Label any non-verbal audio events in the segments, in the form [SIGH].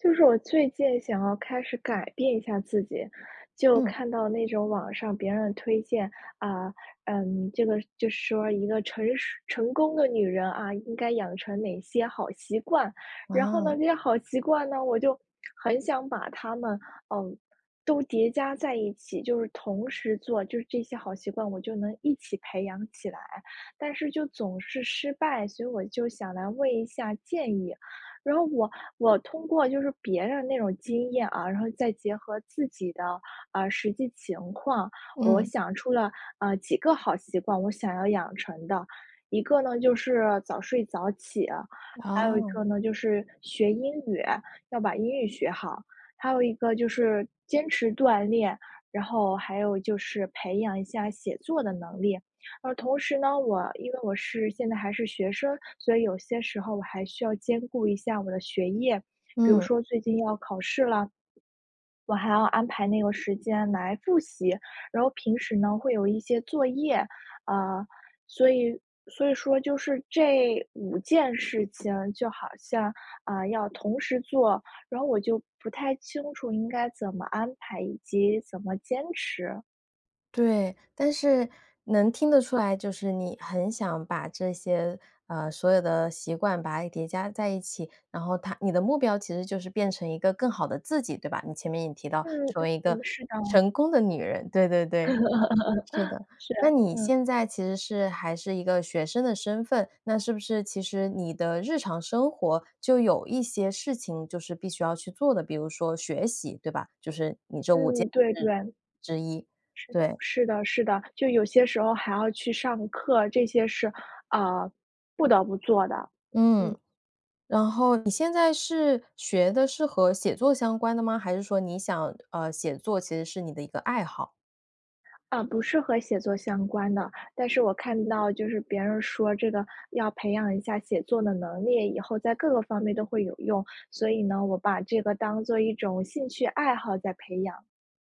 就是我最近想要开始改变一下自己，就嗯。看到那种网上别人推荐，啊，嗯，这个就是说一个成熟成功的女人，啊，应该养成哪一些好习惯，然后呢，啊。这些好习惯呢，我就很想把它们，嗯，都叠加在一起。就是同时做就是这些好习惯，我就能一起培养起来，但是就总是失败，所以我就想来问一下建议。然后我我通过就是别人那种经验啊，然后再结合自己的，呃，实际情况，我嗯。想出了，呃，几个好习惯，我想要养成的。一个呢，就是早睡早起啊；还有一个哦。呢，就是学英语，要把英语学好；还有一个就是坚持锻炼；然后还有就是培养一下写作的能力。而同时呢，我因为我是现在还是学生，所以有些时候我还需要兼顾一下我的学业。比如嗯。说最近要考试了，我还要安排那个时间来复习。然后平时呢，会有一些作业，呃，所以所以说就是这五件事情，就好像，啊，要同时做，然后我就不太清楚应该怎么安排以及怎么坚持。对，但是，能听得出来，就是你很想把这些，呃，所有的习惯把它叠加在一起。然后它你的目标其实就是变成一个更好的自己，对吧？你前面也提到，嗯嗯成为一个嗯，是的。成功的女人，对对对，是的，[LAUGHS] 是那啊，你嗯。现在其实是还是一个学生的身份。那是不是其实你的日常生活，就有一些事情就是必须要去做的，比如说学习，对吧？就是你这5件嗯，对事对。之一，是的对。是的是的，就有些时候还要去上课，这些是，啊，不得不做的，嗯。嗯。然后你现在是，学的是和写作相关的吗？还是说你想，呃，写作其实是你的一个爱好？啊，不是和写作相关的。但是我看到就是别人说这个，要培养一下写作的能力，以后在各个方面都会有用，所以呢，我把这个当作一种兴趣爱好在培养。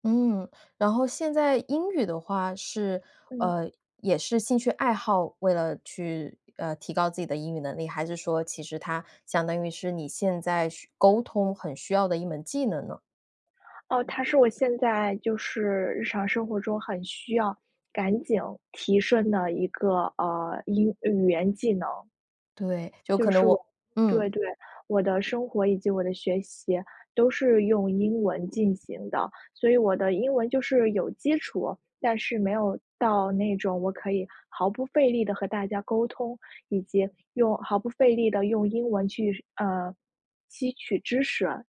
嗯，然后现在英语的话，是，嗯。呃，也是兴趣爱好，为了去，呃，提高自己的英语能力，还是说其实它相当于是你现在需沟通很需要的一门技能呢？哦，它是我现在就是日常生活中很需要，赶紧提升的一个，呃，英语言技能。对，就就可是能我我对，嗯。对，我的生活以及我的学习都是用英文进行的，所以我的英文就是有基础，但是没有到那种我可以毫不费力地和大家沟通，以及用毫不费力地用英文去，呃，吸取知识。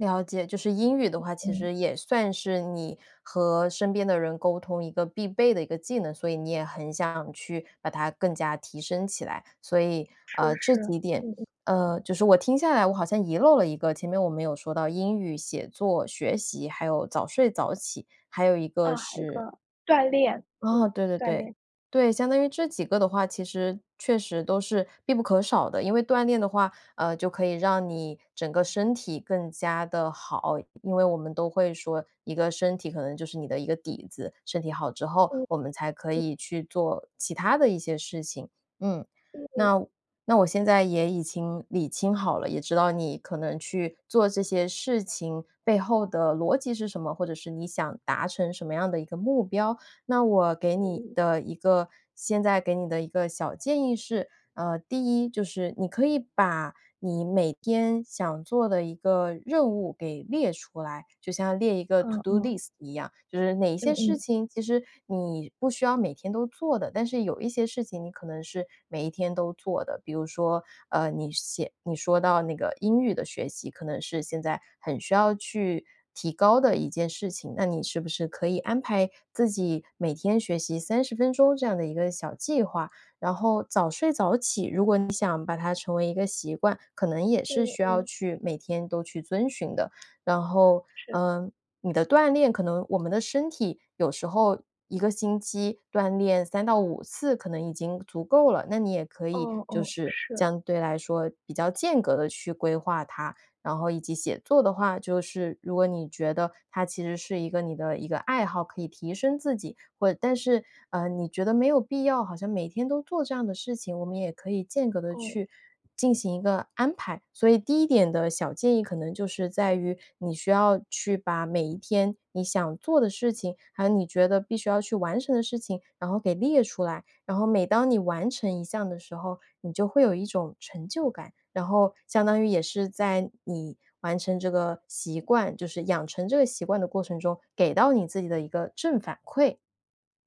了解，就是英语的话，其嗯。实也算是你和身边的人沟通一个必备的一个技能，所以你也很想去把它更加提升起来。所以，是，呃，这是，几点嗯嗯。呃，就是我听下来，我好像遗漏了一个，前面我们有说到英语、写作、学习，还有早睡早起，还有一个啊，还一是个，锻炼，哦，嗯，对对锻对，炼。对，相当于这几个的话其实确实都是必不可少的。因为锻炼的话，呃，就可以让你整个身体更加地好，因为我们都会说，一个身体可能就是你的一个底子，身体好之后嗯，我们才可嗯。以去做其它的一些事情，嗯。嗯。那那我现在也已经理清好了，也知道你可能去做这些事情背后的逻辑是什么，或者是你想达成什么样的一个目标。那我给嗯你嗯。的一个现在给你的一个小建议是，啊，第一就是你可以把你每天想做的一个任务给列出来，就像列一个 to 嗯，do 嗯。list 一样。就是哪一些嗯事嗯。情，其实你不需要每天都做的，但是有一些事情你可能是每一天都做的。比如说，呃，你写你说到那个英语的学习，可能是现在很需要去提高的一件事情，那你是不是可以安排自己每天学习30分钟这样的一个小计划。然后早睡早起如果你想把它成为一个习惯，可能也是嗯需要嗯。去每天都去遵循的。然后，是。嗯，你的锻炼可能我们的身体有时候一个星期锻炼3到5次，可能已经足够了，那你也可以，哦就哦，是是。相对来说比较间隔地去规划它。然后以及写作的话就是，如果你觉得它其实是一个你的一个爱好，可以提升自己，会但是呃，你觉得没有必要，好像每天都做这样的事情，我们也可以间隔地哦。去进行一个安排。所以第一点的小建议可能就是在于，你需要去把每一天你想做的事情，还有你觉得必须要去完成的事情，然后给列出来，然后每当你完成一项的时候，你就会有一种成就感，然后相当于也是在你完成这个习惯就是养成这个习惯的过程中给到你自己的一个正反馈，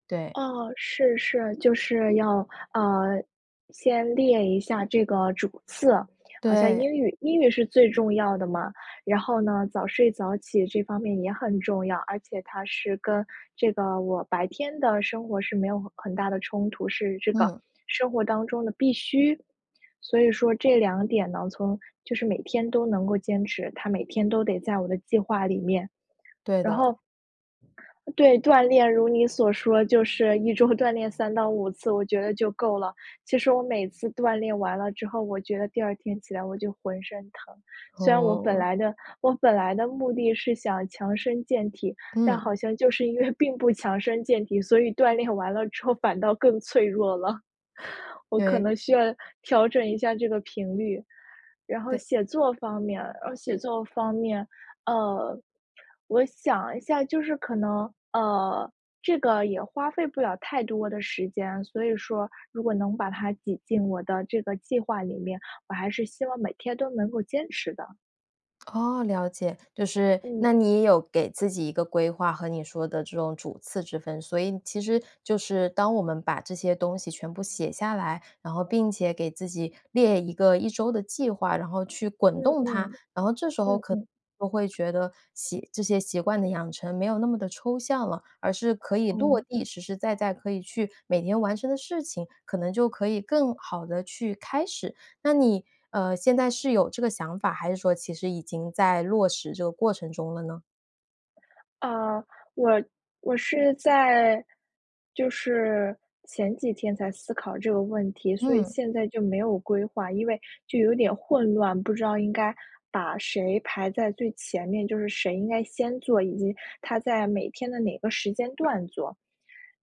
对。哦，是是，就是要呃，先列一下这个主次。好像对。英语英语是最重要的嘛，然后呢，早睡早起这方面也很重要，而且它是跟这个我白天的生活是没有很大的冲突，是这个嗯。生活当中的必需。所以说这两点呢，从就是每天都能够坚持，它每天都得在我的计划里面。对然的。后对，锻炼，如你所说，就是一周锻炼3到5次，我觉得就够了。其实我每次锻炼完了之后，我觉得第二天起来我就浑身疼，虽然我本哦。来的我本来的目的是想强身健体，但嗯。好像就是因为并不强身健体，所以锻炼完了之后反倒更脆弱了。我可对。能需要调整一下这个频率。然后对。写作方面然后写作方面，呃，我想一下，就是可能呃，这个也花费不了太多的时间，所以说如果能把它挤进我的这个计划里面，我还是希望每天都能够坚持的。哦，了解，就是，嗯。那你有给自己一个规划和你说的这种主次之分，所以其实就是当我们把这些东西全部写下来，然后并且给自己列一个一周的计划，然后去滚嗯动它，嗯，然后这时候嗯可嗯。能会觉得习这些习惯的养成没有那么地抽象了，而是可以落哦。地，实实在在可以去每天完成的事情，可能就可以更好地去开始。那你，呃，现在是有这个想法，还是说其实已经在落实这个过程中了呢？啊，我我是在就是前几天才思考这个问题，所以嗯。现在就没有规划，因为就有点混乱，不知道应该把谁排在最前面，就是谁应该先做，以及它在每天的哪个时间段做。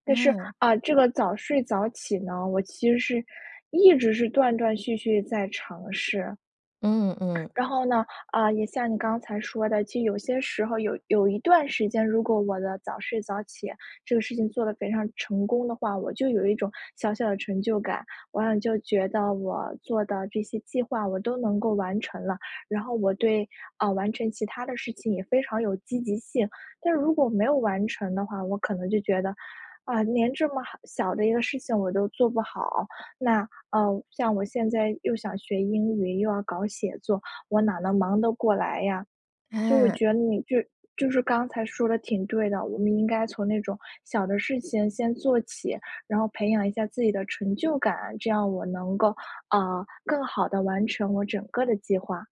但是，嗯。啊，这个早睡早起呢，我其实是，一直是断断续续在尝试。嗯嗯。然 [INHALES] 后呢，啊，也像你刚才说的，就有些时候儿有有一段时间，如果我的早睡早起，这个事情做得非常成功的话，我就有一种小小的成就感，我好像就觉得我做的这些计划我都能够完成了，然后我对啊，完成其它的事情也非常有积极性。但是如果没有完成的话，我可能就觉得，啊，连这么好小的一个事情我都做不好，那呃，像我现在又想学英语，又要搞写作，我哪能忙得过来呀。所以我嗯。觉得你就是就是刚才说的挺对的，我们应该从那种小的事情先做起，然后培养一下自己的成就感，这样我能够，呃，更好地完成我整个的计划。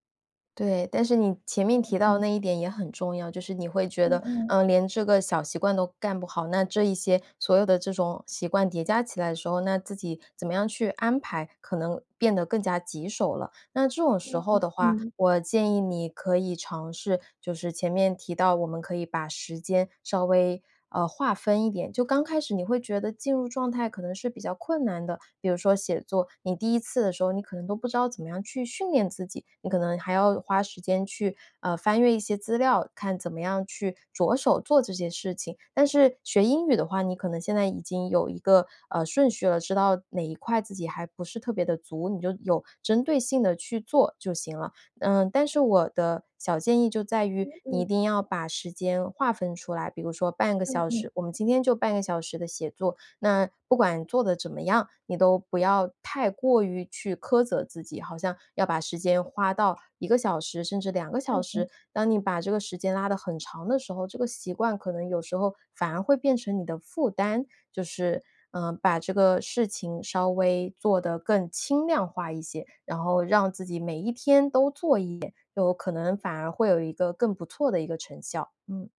对，但是你前面嗯，提到的嗯。那一点也很重要，就是你会觉嗯得，嗯。呃，连这个小习惯都干不好，那这一些所有的这种习惯叠加起来的时候，那自己怎么样去安排，可能变得更加棘手了。那这种时嗯，候的话，嗯。我建议你可以尝试就是前面提到我们可以把时间稍微，呃，划分一点。就刚开始你会觉得进入状态可能是比较困难的。比如说写作，你第一次的时候，你可能都不知道怎么样去训练自己，你可能还要花时间去，呃，翻阅一些资料，看怎么样去着手做这件事情。但是学英语的话，你可能现在已经有一个，呃，顺序了，知道哪一块自己还不是特别地足，你就有针对性地去做就行了。嗯，但是我的小建议就在于嗯，你一嗯。定要把时间划分出来，比如说半个嗯小嗯。时我们今天就半个小时的写作，那不管做得怎么样，你都不要太过于去苛责自己，好像要把时间花到1个小时甚至2个小嗯时，嗯。当你把这个时间拉得很长的时候，这个习惯可能有时候反而会变成你的负担。就是呃，把这个事情稍微做得更轻量化一些，然后让自己每一天都做一点，有可能反而会有一个更不错的一个成效，嗯。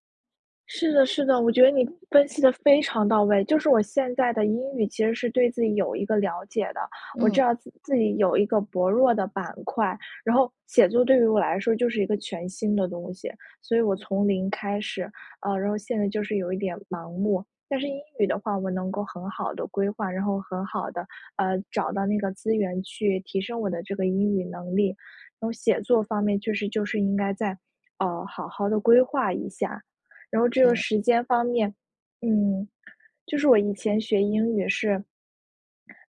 是的是的，我觉得你，分析得非常到位，就是我现在的英语其实是对自己有一个了解的，我知嗯。道自自己有一个薄弱的板块。然后，写作对于我来说就是一个全新的东西，所以我从零开始，啊。然后现在就是有一点盲目。但是英语的话我能够很好地规划，然后很好地，呃，找到那个资源去提升我的这个英语能力，然后写作方面确实就是应该再，呃，好好地规划一下。然后这个对。时间方面，嗯，就是我以前学英语是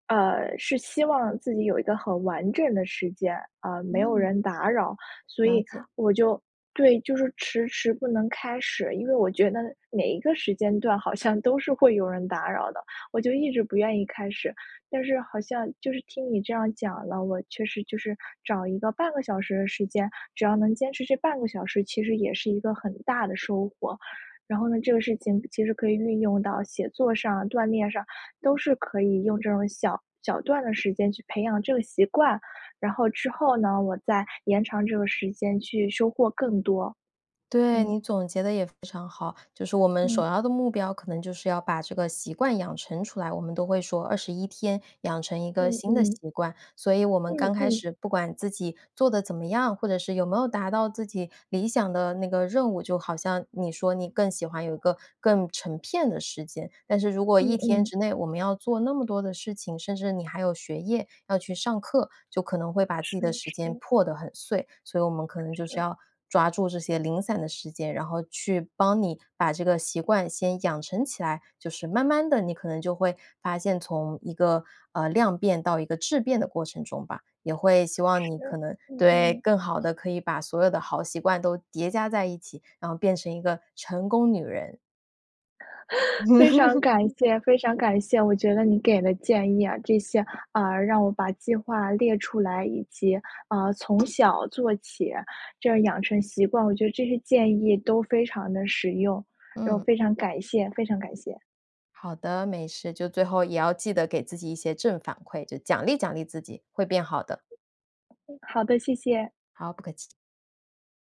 呃，是希望自己有一个很完整的时间，啊，没有嗯。人打扰。所了以解。我就对，就是迟迟不能开始，因为我觉得每一个时间段好像都是会有人打扰的，我就一直不愿意开始。但是好像就是听你这样讲了，我确实就是，找一个半个小时的时间，只要能坚持这半个小时，其实也是一个很大的收获。然后呢，这个事情其实可以运用到写作上、锻炼上，都是可以用这种小小段的时间去培养这个习惯，然后之后呢，我再延长这个时间去收获更多。对，嗯。你总结得也非常好。就是我们嗯。首要的目标可能就是要把这个习惯养成出来，我们都会说21天养成一个嗯新的嗯。习惯，所以我们嗯刚开嗯。始不管自己做得怎么样，或者是有没有达到自己理想的那个任务，就好像你说你更喜欢有一个更成片的时间，但是如果1嗯天嗯。之内我们要做那么多的事情，甚至你还有学业要去上课，就可能会把自己是的时间是。破得很碎。所以我们可能就是是。要，抓住这些零散的时间，然后去帮你把这个习惯先养成起来。就是慢慢地你可能就会发现从一个，呃，量变到一个质变的过程中吧，也会希望是，你可能嗯对，嗯。更好地可以把所有的好习惯都叠加在一起，然后变成一个成功女人。[LAUGHS] 非常感 [LAUGHS] 谢非常感谢，我觉得你给的建议啊，这些，啊，让我把计划列出来，以及，啊，从小做起，这样养成习惯。我觉得这些建议都非常地实用，然后嗯。非常感谢非常感谢。好的，没事，就最后也要记得给自己一些正反馈，就奖励奖励自己会变好的。嗯，好的，谢谢。好，不客气。